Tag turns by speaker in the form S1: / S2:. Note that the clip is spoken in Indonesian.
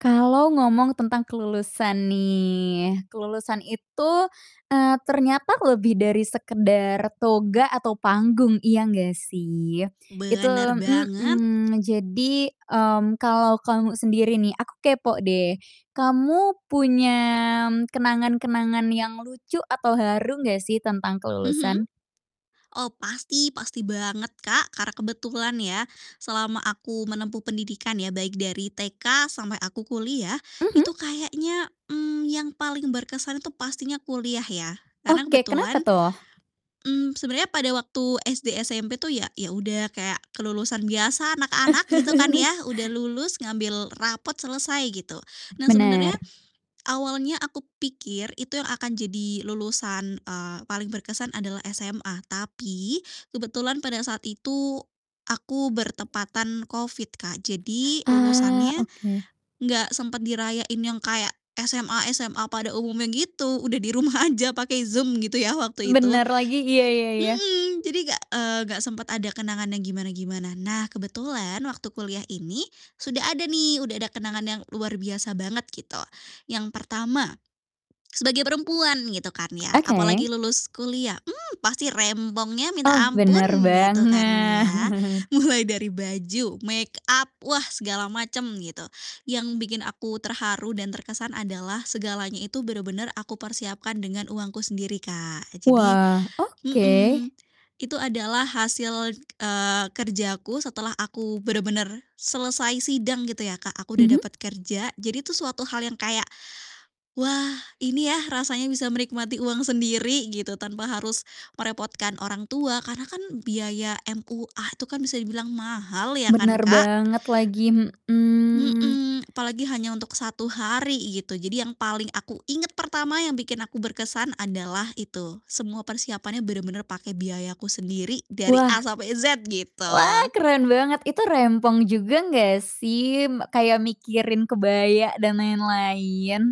S1: Kalau ngomong tentang kelulusan nih, kelulusan itu, eee, ternyata lebih dari sekedar toga atau panggung, iya gak sih? Itu
S2: Benar banget.
S1: mhm, jadi, mmm, kalo kamu sendiri nih, aku kepo deh, kamu punya m kenang-kenangan yang lucu atau haru gak sih tentang
S2: Mhm.
S1: kelulusan?
S2: Oh, pasti, pasti banget, Kak, karena kebetulan ya, selama aku menempuh pendidikan ya, baik dari TK sampai aku kuliah,
S1: Mhm?
S2: itu kayaknya, mmm, yang paling berkesan itu pastinya kuliah ya, karena
S1: Oke,
S2: kebetulan
S1: kenapa tuh?
S2: mmm, sebenarnya pada waktu SD, SMP tuh ya ya udah kayak kelulusan biasa anak-anak, gitu kan, ya. Udah lulus, ngambil rapot, selesai, gitu. Nah, sebenarnya
S1: Benar.
S2: awalnya aku pikir itu yang akan jadi lulusan, eee, paling berkesan adalah SMA, tapi kebetulan pada saat itu aku bertepatan COVID, Kak, jadi
S1: Eee,
S2: lulusannya
S1: oke.
S2: gak sempat dirayain yang kayak SMA-SMA pada umumnya gitu, udah, di rumah aja pakai Zoom, gitu ya, waktu itu.
S1: Bener lagi, iya iya iya.
S2: Mhm, jadi gak, eee, gak sempet ada kenangan yang gimana-gimana. Nah, kebetulan waktu kuliah ini sudah ada nih, udah ada kenangan yang luar biasa banget gitu, yang pertama sebagai perempuan, gitu kan ya,
S1: Oke.
S2: apalagi lulus kuliah, mmm, pasti rempongnya minta
S1: Oh,
S2: ampun,
S1: bener
S2: gitu kan, ya.
S1: banget.
S2: Mulai dari baju, makeup, wah, segala macam gitu, yang bikin aku terharu dan terkesan adalah segalanya itu benar-benar aku persiapkan dengan uangku sendiri, Kak, jadi
S1: Wah, oke.
S2: mhm, itu adalah hasil, eee, kerja aku setelah aku benar-benar selesai sidang, gitu ya, Kak, aku udah
S1: Mhm.
S2: dapat kerja, jadi itu suatu hal yang kayak, "Wah, ini ya rasanya bisa menikmati uang sendiri." Gitu, tanpa harus merepotkan orang tua, karena kan biaya MUA itu kan bisa dibilang mahal ya, kan,
S1: Benar
S2: Kak.
S1: banget lagi, mhm.
S2: Mhm, apalagi hanya untuk 1 hari gitu, jadi yang paling aku ingat pertama, yang bikin aku berkesan adalah itu semua persiapannya bener-bener pakai biayaku sendiri, dari A
S1: Wah.
S2: sampai Z,
S1: Wah,
S2: gitu.
S1: keren banget. Itu rempong juga gak sih? M kayak mikirin kebaya dan lain-lain?